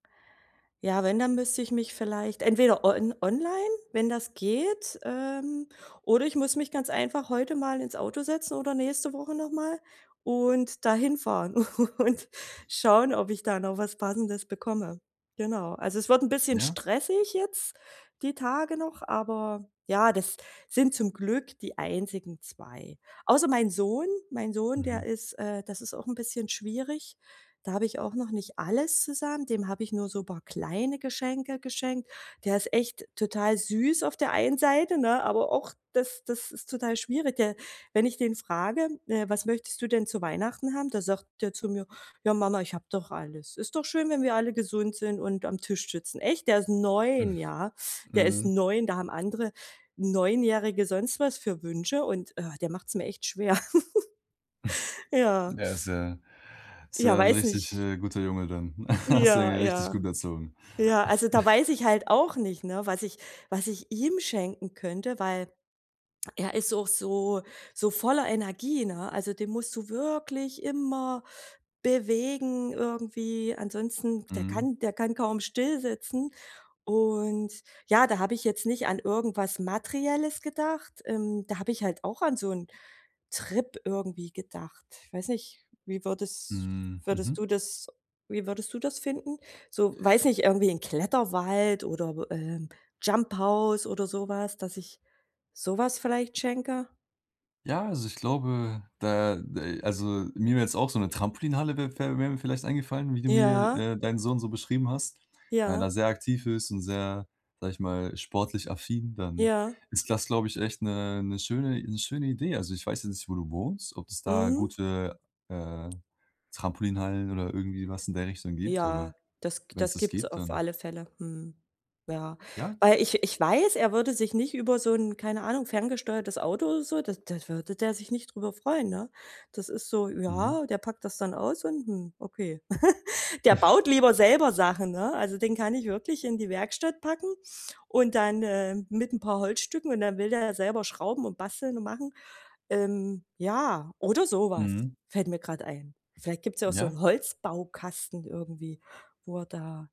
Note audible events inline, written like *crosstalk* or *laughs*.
Ja, wenn, dann müsste ich mich vielleicht entweder on online, wenn das geht. Ähm, oder ich muss mich ganz einfach heute mal ins Auto setzen oder nächste Woche noch mal und da hinfahren und schauen, ob ich da noch was Passendes bekomme. Genau. Also, es wird 'n bisschen Ja. stressig jetzt die Tage noch, aber ja, das sind zum Glück die einzigen 2. Außer mein Sohn mein Sohn, der Mhm. ist äh das ist auch 'n bisschen schwierig. Da habe ich auch noch nicht alles zusammen, dem habe ich nur so paar kleine Geschenke geschenkt. Der ist echt total süß auf der einen Seite, ne, aber auch das das ist total schwierig. Der wenn ich den frage, äh: „Was möchtest du denn zu Weihnachten haben?" Da sagt der zu mir: „Ja Mama, ich hab doch alles. Ist doch schön, wenn wir alle gesund sind und am Tisch sitzen." Echt, der ist 9, ja? *chuckles* Der ist Mhm. 9 Da haben andere Neunjährige sonst was für Wünsche und, äh, der macht's mir echt schwer. *laughs* Ja. Der ist ja ist Ja, ja 'n weiß richtig nicht. äh, guter Junge dann. *chuckles* Hast du ihn Ja, ja richtig gut ja. erzogen. Ja, also da *chuckles* weiß ich halt auch nicht, ne, was ich was ich ihm schenken könnte, weil er ist auch so so voller Energie, ne? Also, den musst du wirklich immer bewegen irgendwie. Ansonsten, der Mhm. kann der kann kaum still sitzen. Und ja, da hab ich jetzt nicht an irgendwas Materielles gedacht ähm, da hab ich halt auch an so 'n Trip irgendwie gedacht. Weiß nicht, wie würdes Mhm. würdest du Mhm. das wie würdest du das finden? So- weiß nicht- irgendwie in Kletterwald oder, äh, Jumphouse oder so was dass ich so was vielleicht schenke? Ja, also ich glaube, da de also mir wär jetzt auch so 'ne Trampolinhalle wär wär wär mir vielleicht eingefallen, wie du mir, Ja. äh, deinen Sohn so beschrieben hast, weil er Ja. da sehr aktiv ist und sehr- sage ich mal- sportlich affin, dann Ja. ist das, glaube ich, echt 'ne 'ne schöne 'ne schöne Idee. Also ich weiß jetzt nicht, wo du wohnst, ob es da Mhm. gute, äh, Trampolinhallen oder irgendwie was in der Richtung gibt, aber Ja, das wenn's das das gibt's gibt, auf dann alle Fälle. Mhm. Ja. Ja. Weil ich ich weiß, er würde sich nicht über so 'n- keine Ahnung- ferngesteuertes Auto oder so d da würde der sich nicht drüber freuen, ne? Das ist so Mhm. ja, der packt das dann aus und: „Hm, okay.“ *chuckles* Der *chuckles* baut lieber selber Sachen, ne? Also, den kann ich wirklich in die Werkstatt packen und dann äh, mit 'n paar Holzstücken und dann will der selber schrauben und basteln und machen ähm, ja, oder so was, Mhm. fällt mir grad ein. Vielleicht gibt's ja auch so Ja. 'n Holzbaukasten irgendwie, wo er da